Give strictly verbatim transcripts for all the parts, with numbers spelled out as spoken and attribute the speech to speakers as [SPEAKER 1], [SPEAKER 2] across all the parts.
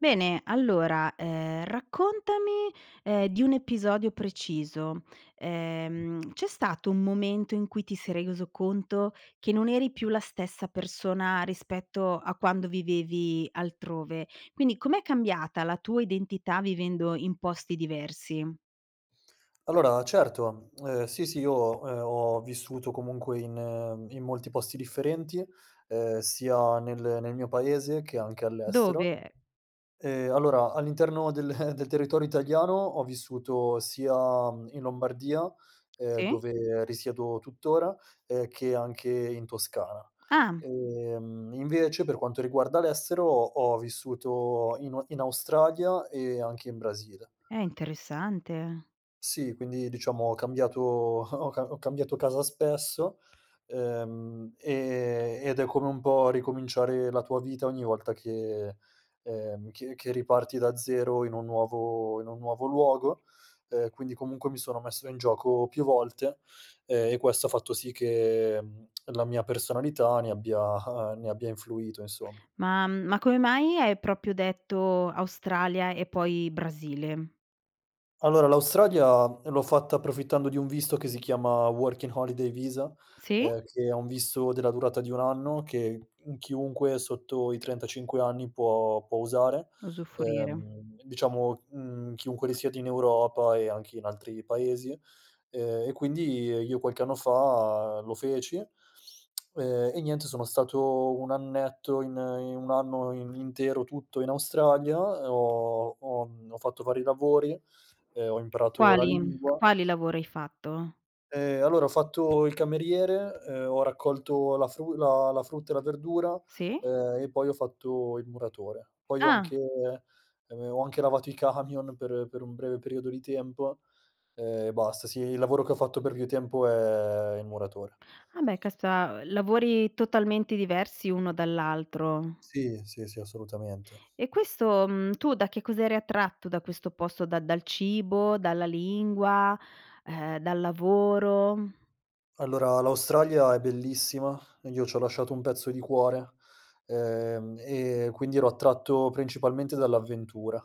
[SPEAKER 1] Bene, allora, ehm, raccontami, ehm, di un episodio preciso, ehm, c'è stato un momento in cui ti sei reiso conto che non eri più la stessa persona rispetto a quando vivevi altrove, quindi com'è cambiata la tua identità vivendo in posti diversi?
[SPEAKER 2] Allora certo, ehm sì, sì io, ehm, ho vissuto comunque in in molti posti differenti, ehm, sia nel nel mio paese che anche all'estero.
[SPEAKER 1] Dove?
[SPEAKER 2] Ehm, allora all'interno del del territorio italiano ho vissuto sia, mhmm, in Lombardia, ehm,
[SPEAKER 1] Sì.
[SPEAKER 2] dove risiedo tuttora, ehm, che anche in Toscana;
[SPEAKER 1] Ah.
[SPEAKER 2] ehm invece per quanto riguarda l'estero ho ho vissuto in o in Australia e anche in Brasile.
[SPEAKER 1] Eh, interessante.
[SPEAKER 2] Sì, quindi diciamo ho cambiato ho ca ho cambiato casa spesso, uhm, e ed è come un po' ricominciare la tua vita ogni volta che ehm che che riparti da zero in un nuovo in un nuovo luogo, ehm, quindi comunque mi sono messo in gioco più volte, ehm, e questo ha fatto sì che la mia personalità ne abbia ne abbia influito insomm
[SPEAKER 1] Ma ma come mai hai proprio detto Australia e poi Brasile?
[SPEAKER 2] Allora, l'Australia l'ho fatta approfittando di un visto che si chiama Working Holiday Visa,
[SPEAKER 1] Sì.
[SPEAKER 2] ehm, che è un visto della durata di un anno, che in chiunque sotto i trentacinque anni può può usare,
[SPEAKER 1] usufrire.
[SPEAKER 2] ehm, diciamo, mhmm, chiunque risiede in Europa e anche in altri paesi, ehm, e quindi io qualche anno fa lo feci, ehm, e niente sono stato un annetto in in un anno in intero tutto in Australia, ho ho mhmm, ho fatto vari lavori e ho imparato la
[SPEAKER 1] Quali?
[SPEAKER 2] lingua
[SPEAKER 1] Quali lavori hai fatto?
[SPEAKER 2] Ehm, allora ho fatto il cameriere, uhm, ho raccolto la fru la la frutta e la verdura,
[SPEAKER 1] Sì.
[SPEAKER 2] ehm, e poi ho fatto il muratore. Poi ho anche
[SPEAKER 1] Ah.
[SPEAKER 2] ehm, ho anche lavato i camion per per un breve periodo di tempo e basta. Sì il lavoro che ho fatto per più tempo è il muratore.
[SPEAKER 1] Ah, beh [unintelligible] lavori totalmente diversi uno dall'altro.
[SPEAKER 2] Sì, sì, sì, assolutamente.
[SPEAKER 1] E questo mhmm, tu da che cosa eri attratto da questo posto da dal cibo, dalla lingua, urhm, dal lavoro?
[SPEAKER 2] Allora, l'Australia è bellissima ed io c'ho lasciato un pezzo di cuore, ehm e quindi ero attratto principalmente dall'avventura,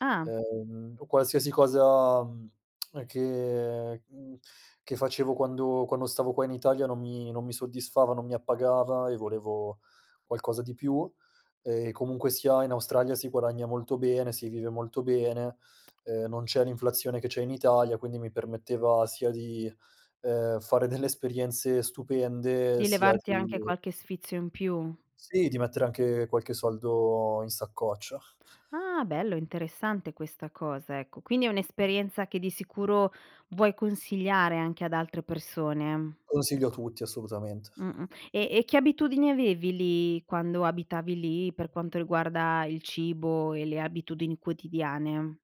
[SPEAKER 1] Ah.
[SPEAKER 2] ehm, o qualsiasi cosa, mhmm, ehm, che mhmm, che facevo quando quando stavo qua in Italia non mi non mi soddisfava, non mi appagava e volevo qualcosa di più; ehm, e comunque sia in Australia si guadagna molto bene, si vive molto bene, ehm, non c'è l'inflazione che c'è in Italia, quindi mi permetteva sia di, ehm, fare delle esperienze stupende
[SPEAKER 1] Di
[SPEAKER 2] sia
[SPEAKER 1] levarti
[SPEAKER 2] di
[SPEAKER 1] anche qualche sfizio in più?
[SPEAKER 2] Sì, di mettere anche qualche soldo in saccoccia.
[SPEAKER 1] Ah, bello interessante questa cosa, ecco, quindi è un'esperienza che di sicuro vuoi consigliare anche ad altre persone?
[SPEAKER 2] Consiglio a tutti assolutamente.
[SPEAKER 1] Mh-mh, e e che abitudini avevi lì, quando abitavi lì per quanto riguarda il cibo e le abitudini quotidiane?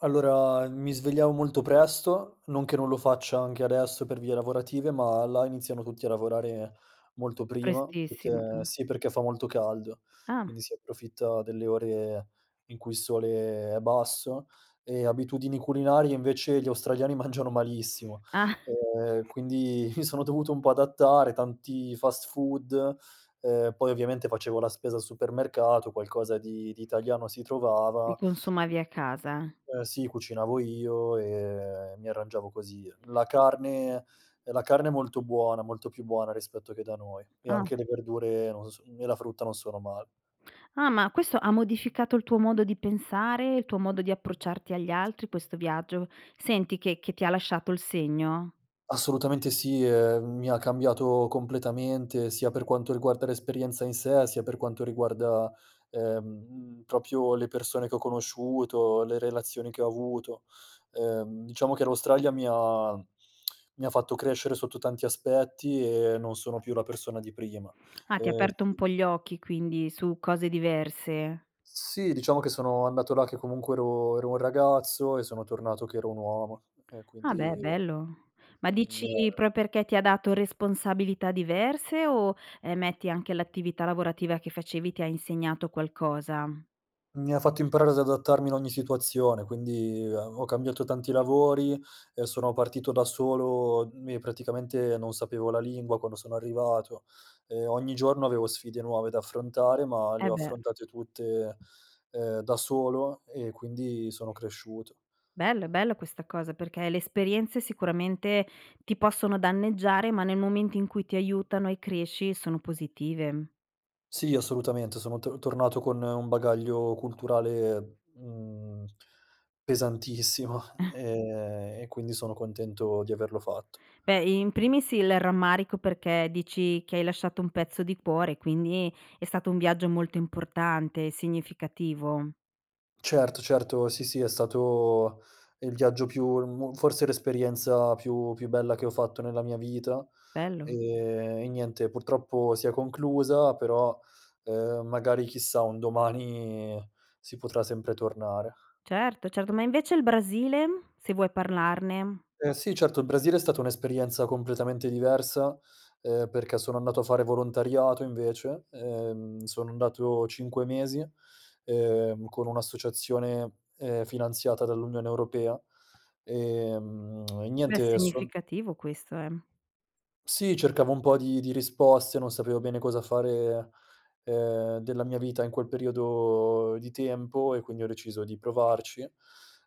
[SPEAKER 2] Allora, mi svegliavo molto presto non che non lo faccia anche adesso per vie lavorative, ma là iniziano tutti a lavorare molto prima
[SPEAKER 1] Prestissimo,
[SPEAKER 2] perché
[SPEAKER 1] ah.
[SPEAKER 2] sì, perché fa molto caldo,
[SPEAKER 1] Ah.
[SPEAKER 2] quindi si approfitta delle ore in cui il sole è basso; ehm, abitudini culinarie invece gli australiani mangiano malissimo,
[SPEAKER 1] ah
[SPEAKER 2] ehm, quindi mi sono dovuto un po' adattare, tanti fast food, uhm, poi ovviamente facevo la spesa al supermercato, qualcosa di di italiano si
[SPEAKER 1] Li
[SPEAKER 2] trovava
[SPEAKER 1] consumavi a casa.
[SPEAKER 2] Eh, sì cucinavo io e e mi arrangiavo così. La carne uhm, la carne è molto buona, molto più buona rispetto che da noi, e anche
[SPEAKER 1] qAh.
[SPEAKER 2] le verdure non s e la frutta non sono male.
[SPEAKER 1] Ah, ma questo ha modificato il tuo modo di pensare, il tuo modo di approcciarti agli altri questo viaggio? Senti che che ti lasciato il segno?
[SPEAKER 2] Assolutamente, sì, ehm, mi ha cambiato completamente, sia per quanto riguarda l'esperienza in sé, sia per quanto riguarda, ehm, mhmm, propio le persone che ho conosciuto, le relazioni che ho avuto, ehm, diciamo che l'Australia mi ha mi ha fatto crescere sotto tanti aspetti e non sono più la persona di prima,
[SPEAKER 1] Ah, ti ha
[SPEAKER 2] ehm,
[SPEAKER 1] aperto un
[SPEAKER 2] sì
[SPEAKER 1] po' gli occhi quindi su cose diverse.
[SPEAKER 2] Sì, diciamo che sono andato là che comunque ero ero un ragazzo e sono tornato che ero un uomo, e
[SPEAKER 1] Ah, beh,
[SPEAKER 2] quindi
[SPEAKER 1] bello, ma dici
[SPEAKER 2] [unintelligible]
[SPEAKER 1] pro perché ti ha dato responsabilità diverse, o, ehm, metti anche l'attività lavorativa che facevi ti ha insegnato qualcosa?
[SPEAKER 2] Mi ha fatto imparare ad adattarmi in ogni situazione, quindi a ho cambiato tanti lavori e sono partito da solo, mi e praticamente non sapevo la lingua quando sono arrivato, ehm, ogni giorno avevo sfide nuove da affrontare, ma le
[SPEAKER 1] Eh,
[SPEAKER 2] ho
[SPEAKER 1] beh.
[SPEAKER 2] affrontate tutte, ehm, da solo e quindi sono cresciuto.
[SPEAKER 1] Bello, è bello questa cosa, perché le esperienze sicuramente ti possono danneggiare, ma nel momento in cui ti aiutano e cresci sono positive.
[SPEAKER 2] Sì assolutamente sono tor tornato con un bagaglio culturale, mhmm, pesantissimo ehm, e quindi sono contento di averlo fatto.
[SPEAKER 1] Beh, i in primis il rammarico, perché dici che hai lasciato un pezzo di cuore, quindi è stato un viaggio molto importante e significativo.
[SPEAKER 2] Certo, certo, sì, sì è stato il viaggio più mhmm, forse l'esperienza più più bella che ho fatto nella mia vita,
[SPEAKER 1] Bello.
[SPEAKER 2] ehm, e niente purtroppo si è conclusa però, uhm, magari chissà, un domani si potrà sempre tornare.
[SPEAKER 1] Certo, certo. Ma invece il Brasile? Se vuoi parlarne.
[SPEAKER 2] Eh, sì certo, il Brasile è stata un'esperienza completamente diversa, ehm, perché sono andato a fare volontariato invece, ehm, sono andato cinque mesi, ehm, con un'associazione, ehm, finanziata dall'Unione Europea, ehm, e
[SPEAKER 1] Beh, è
[SPEAKER 2] niente son
[SPEAKER 1] significativo questo, eh.
[SPEAKER 2] Sì, cercavo un po' di di risposte, non sapevo bene cosa fare, ehm, della mia vita in quel periodo di tempo, e quindi ho deciso di provarci.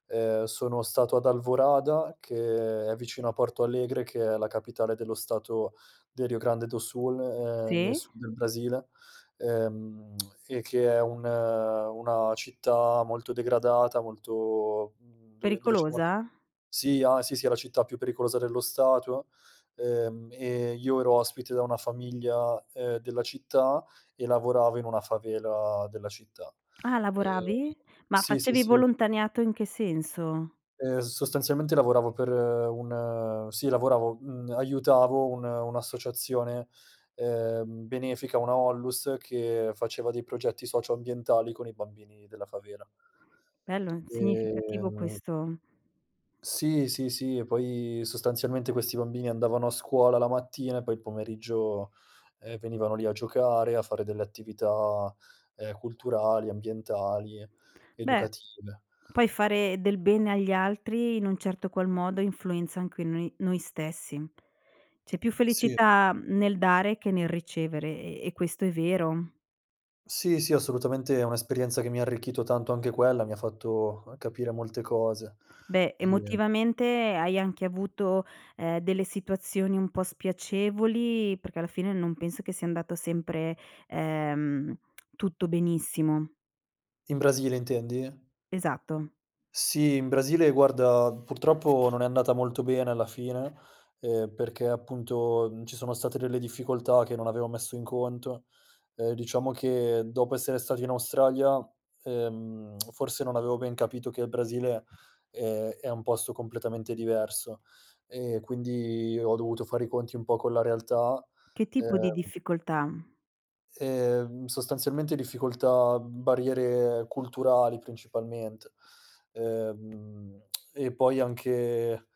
[SPEAKER 2] Ehm, sono stato ad Alvorada, che è vicino a Porto Alegre, che è la capitale dello stato del Rio Grande do Sun, ehm, nel
[SPEAKER 1] Sì.
[SPEAKER 2] sud del Brasile, ehm, e, che è un una città molto degradata, molto mhmm dove dove c'è molto
[SPEAKER 1] Pericolosa?
[SPEAKER 2] sì, a sì, sì è la città più pericolosa dello stato; ehm, e io ero ospite da una famiglia, ehm, della città e lavoravo in una favela della città
[SPEAKER 1] Ah,
[SPEAKER 2] ehm,
[SPEAKER 1] lavoravi? Ma
[SPEAKER 2] sì, sì,
[SPEAKER 1] facevi
[SPEAKER 2] sì.
[SPEAKER 1] volontaniato in che senso?
[SPEAKER 2] Ehm, s sostanzialmente lavoravo per un sì lavoravo mhmm, aiutavo un un'associazione, ehm, benefica una ONLUS, che faceva dei progetti socio-ambientali con i bambini della favela.
[SPEAKER 1] Bello, significativo
[SPEAKER 2] Ehm
[SPEAKER 1] questo
[SPEAKER 2] Sì, sì, sì, e poi sostanzialmente questi bambini andavano a scuola la mattina e poi il pomeriggio, ehm, venivano lì a giocare, a fare delle attività, ehm, culturali, ambientali,
[SPEAKER 1] Beh,
[SPEAKER 2] educative.
[SPEAKER 1] poi fare del bene agli altri in un certo qual modo influenza anche noi noi stessi. C'è più
[SPEAKER 2] Sì.
[SPEAKER 1] felicità, mhmm, nel dare che nel ricevere e e questo è vero.
[SPEAKER 2] Sì, sì assolutamente è un'esperienza che mi ha arricchito tanto anche quella, mi ha fatto capire molte cose,
[SPEAKER 1] Beh,
[SPEAKER 2] ehm
[SPEAKER 1] emotivamente hai anche avuto, ehm, delle situazioni un po' spiacevoli? Perché alla fine non penso che sia andato sempre, ehm, tutto benissimo.
[SPEAKER 2] In Brasile intendi?
[SPEAKER 1] Esatto.
[SPEAKER 2] Sì, in Brasile guarda, purtroppo non è andata molto bene alla fine, ehm, perché appunto, mhmm, ci sono state delle difficoltà che non avevo messo in conto, uhm, diciamo che dopo essere stati in Australia, ehm, forse non avevo ben capito che il Brasile, ehm, è un posto completamente diverso, e quindi ho dovuto fare i conti un po' con la realtà,
[SPEAKER 1] Che tipo di
[SPEAKER 2] ehm
[SPEAKER 1] difficoltà?
[SPEAKER 2] Ehm, sostanzialmente difficoltà, barriere culturali principalmente, ehm, e poi anche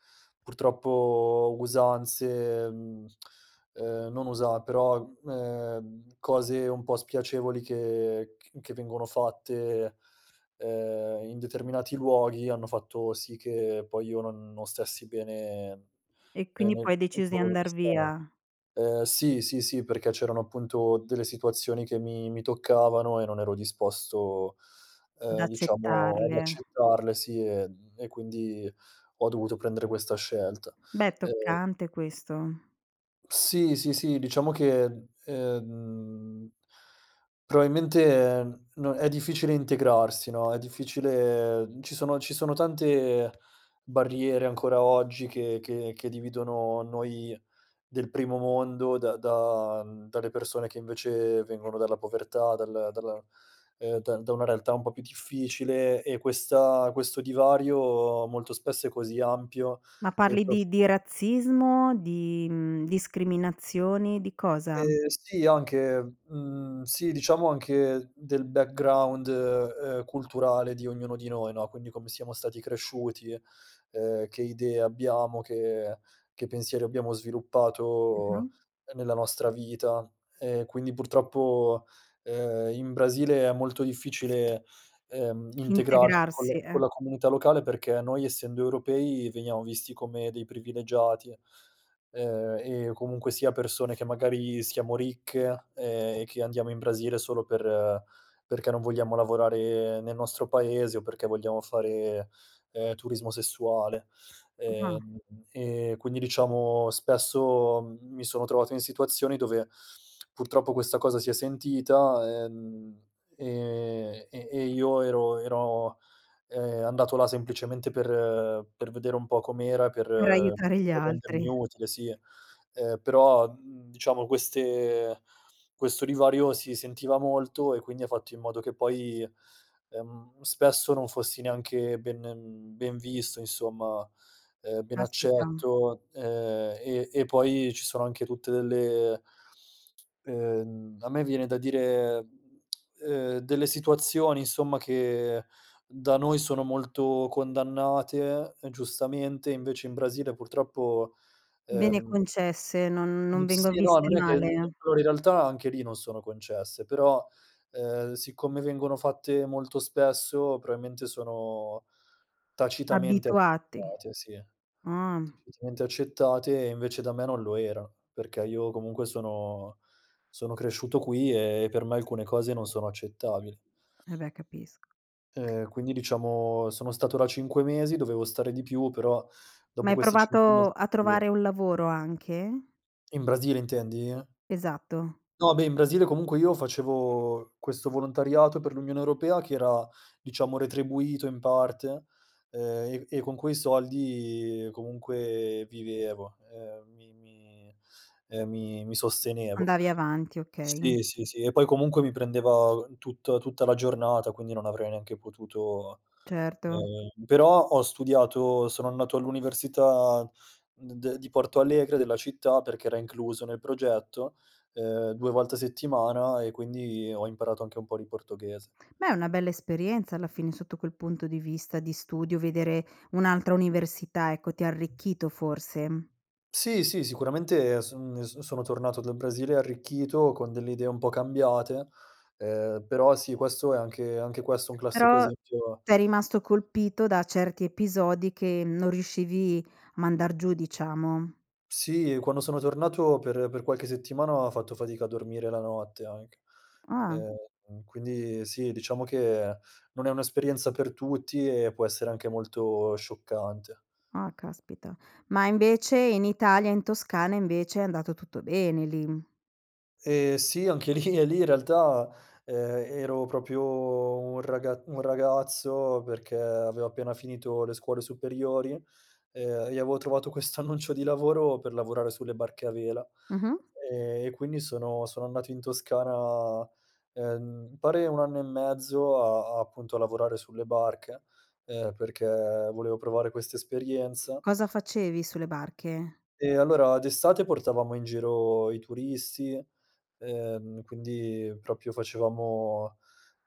[SPEAKER 2] purtroppo usanze, mhmm, ehm, non usa però ehm, cose un po' spiacevoli che c che vengono fatte, ehm, in determinati luoghi hanno fatto sì che poi io non non stessi bene,
[SPEAKER 1] E
[SPEAKER 2] ehm,
[SPEAKER 1] quindi
[SPEAKER 2] nel
[SPEAKER 1] poi hai deciso di
[SPEAKER 2] luogo dove
[SPEAKER 1] andar
[SPEAKER 2] stavo.
[SPEAKER 1] via?
[SPEAKER 2] Ehm, sì, sì, sì perché c'erano appunto delle situazioni che mi mi toccavano e non ero disposto,
[SPEAKER 1] Ad
[SPEAKER 2] uhm, diciamo ad
[SPEAKER 1] accettarle.
[SPEAKER 2] accettarle, sì, ehm, e quindi ho dovuto prendere questa scelta,
[SPEAKER 1] Beh,
[SPEAKER 2] ehm
[SPEAKER 1] toccante questo.
[SPEAKER 2] Sì, sì, sì, diciamo che, ehm, proabilmente è n è difficile integrarsi, no, è difficile ci sono, ci sono tante barriere ancora oggi che che che dividono noi del primo mondo da da dalle persone che invece vengono dalla povertà, dal dalla, uhm, da da una realtà un po' più difficile e questa questo divario molto spesso è così ampio
[SPEAKER 1] Ma
[SPEAKER 2] e
[SPEAKER 1] parli
[SPEAKER 2] pros
[SPEAKER 1] di di razzismo, di, mhmm, discriminazioni, di cosa?
[SPEAKER 2] Ehm, sì, anche, mhmm, sì, diciamo anche del background, uhm, culturale di ognuno di noi, no. Quindi come siamo stati cresciuti, uhm, che idee abbiamo, che che pensieri abbiamo sviluppato
[SPEAKER 1] Mh-mh.
[SPEAKER 2] nella nostra vita, e quindi purtroppo, uhm, in Brasile è molto difficile, uhm, integrarsi con le
[SPEAKER 1] Integrarsi,
[SPEAKER 2] con
[SPEAKER 1] e
[SPEAKER 2] la comunità locale, perché noi essendo europei veniamo visti come dei privilegiati, uhm, e comunque sia persone che magari siamo ricche, ehm, e che andiamo in Brasile solo per perché non vogliamo lavorare nel nostro paese o perché vogliamo fare, ehm, turismo sessuale,
[SPEAKER 1] Ah.
[SPEAKER 2] ehm, e quindi diciamo spesso mi sono trovato in situazioni dove purtroppo questa cosa si è sentita, ehm, e e e io ero ero, ehm, andato là semplicemente per per vedere un po' com'era, per
[SPEAKER 1] Per aiutare gli
[SPEAKER 2] per rendermi
[SPEAKER 1] altri.
[SPEAKER 2] utile, sì. Uhm, però diciamo queste questo divario si sentiva molto e quindi ha fatto in modo che poi, ehm, spesso non fossi neanche ben ben visto insomma, uhm, ben
[SPEAKER 1] Caspita.
[SPEAKER 2] accetto, uhm, e e poi ci sono anche tutte delle uhm, a me viene da dire, ehm, delle situazioni insomma che da noi sono molto condannate, giustamente, invece in Brasile purtroppo
[SPEAKER 1] Bene
[SPEAKER 2] ehm
[SPEAKER 1] concesse, non non vengo
[SPEAKER 2] Sì, no,
[SPEAKER 1] viste
[SPEAKER 2] non è che
[SPEAKER 1] male.
[SPEAKER 2] allora in realtà anche lì non sono concesse, però, ehm, siccome vengono fatte molto spesso, proabilmente sono tacitamente
[SPEAKER 1] Abituati,
[SPEAKER 2] accettate, sì.
[SPEAKER 1] ah.
[SPEAKER 2] Tacitamente accettate, e invece da me non lo era, perché io comunque sono sono cresciuto qui e per me alcune cose non sono accettabili.
[SPEAKER 1] Eh beh, capisco.
[SPEAKER 2] Uhm, quindi diciamo, sono stato la cinque mesi, dovevo stare di più però
[SPEAKER 1] Ma
[SPEAKER 2] dopo
[SPEAKER 1] hai
[SPEAKER 2] questi cinque mesi.
[SPEAKER 1] provato a
[SPEAKER 2] [unintelligible]
[SPEAKER 1] trovare un lavoro, anche?
[SPEAKER 2] In Brasile intendi?
[SPEAKER 1] Esatto.
[SPEAKER 2] No, beh, in Brasile comunque io facevo questo volontariato per l'Unione Europea che era, diciamo retribuito in parte, ehm, e e con quei soldi comunque vivevo, ehm, mi mi, ehm, mi mi sostenevo.
[SPEAKER 1] Andavi avanti, okay.
[SPEAKER 2] Sì, sì, sì, e poi comunque mi prendeva tutt tutta la giornata quindi non avrei neanche potuto
[SPEAKER 1] Certo.
[SPEAKER 2] ehm, però ho studiato, sono andato all'università d de di Porto Alegre, della città perché era incluso nel progetto, uhm, due volte a settimana e quindi ho imparato anche un po' ri portoghese.
[SPEAKER 1] Beh, è una bella esperienza, alla fine sotto quel punto di vista, di studio, vedere un'altra università, ecco. Ti ha arricchito forse?
[SPEAKER 2] Sì, sì, sicuramente son n s sono tornato dal Brasile arricchito, con delle idee un po' cambiate, ehm, però sì questo è anche anche questo un classico
[SPEAKER 1] Però
[SPEAKER 2] esempio
[SPEAKER 1] sei rimasto colpito da certi episodi, che non riuscivi a mandar giù diciamo?
[SPEAKER 2] Sì, quando sono tornato per per qualche settimana ho fatto fatica a dormire la notte anche.
[SPEAKER 1] Ah.
[SPEAKER 2] Ehm, quindi sì, diciamo che non è un'esperienza per tutti, e può essere anche molto scioccante.
[SPEAKER 1] Ah, caspita. Ma invece in Italia e in Toscana invece, è andato tutto bene lì?
[SPEAKER 2] Ehm, sì, anche lì e lì in realtà, ehm, ero propio un raga un ragazzo perché avevo appena finito le scuole superiori, uhm, e avevo trovato questo annuncio di lavoro per lavorare sulle barche a vela,
[SPEAKER 1] Mh-mh.
[SPEAKER 2] ehm, e quindi sono sono andato in Toscana, ehm, m pare un anno e mezzo a appunto a lavorare sulle barche, ehm, perché volevo provare questa esperienza.
[SPEAKER 1] Cosa facevi sulle barche?
[SPEAKER 2] E allora d'estate portavamo in giro i turisti, ehm, quindi propio facevamo,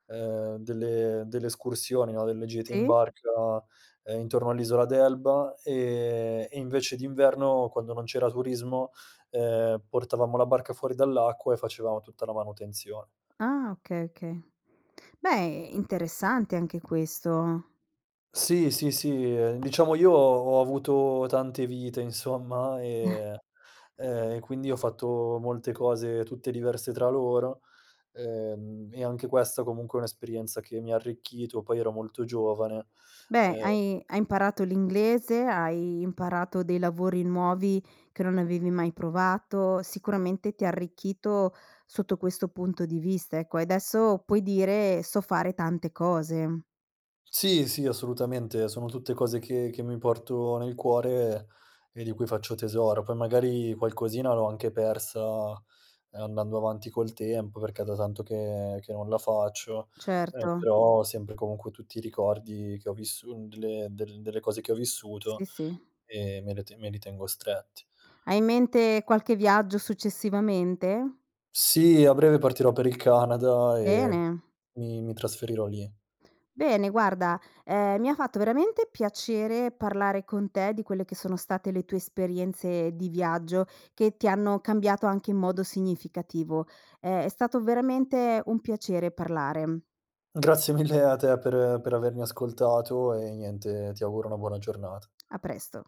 [SPEAKER 2] ehm, delle delle escursioni, no, delle gite in
[SPEAKER 1] Sì?
[SPEAKER 2] barca, uhm, intorno all'isola d'Elba, ehm, e invece d'inverno quando non c'era turismo, uhm, portavamo la barca fuori dall'acqua e facevamo tutta la manutenzione.
[SPEAKER 1] Ah okay, okay. Beh, interessante anche questo.
[SPEAKER 2] Sì, sì, sì, ehm, diciamo io ho avuto tante vite insomma, e ehm, e quindi ho fatto molte cose tutte diverse tra loro, uhm, e anche questa comunque è un'esperienza che mi ha arricchito, poi ero molto giovane,
[SPEAKER 1] Beh,
[SPEAKER 2] eh
[SPEAKER 1] hai hai imparato l'inglese, hai imparato dei lavori nuovi che non avevi mai provato, sicuramente ti ha arricchito sotto questo punto di vista, ecco, e adesso puoi dire: "So fare tante cose".
[SPEAKER 2] Sì, sì, assolutamente sono tutte cose che che mi porto nel cuore, e di cui faccio tesoro. Poi magari qualcosina l'ho anche persa andando avanti col tempo, perché è da tanto che che non la faccio, eh
[SPEAKER 1] Certo.
[SPEAKER 2] però ho sempre comunque tutti i ricordi che ho vissu delle del delle cose che ho vissuto
[SPEAKER 1] Sì, sì.
[SPEAKER 2] e me le te me li tengo stretti.
[SPEAKER 1] Hai in mente qualche viaggio, successivamente?
[SPEAKER 2] Sì, a breve partirò per il Canada e
[SPEAKER 1] Bene!
[SPEAKER 2] mi mi trasferirò lì.
[SPEAKER 1] Bene, guarda, ehm, mi ha fatto veramente piacere parlare con te di quelle che sono state le tue esperienze di viaggio, che ti hanno cambiato anche in modo significativo. Ehm, è stato veramente un piacere parlare.
[SPEAKER 2] Grazie mille a te per per avermi ascoltato e niente, ti auguro una buona giornata.
[SPEAKER 1] A presto.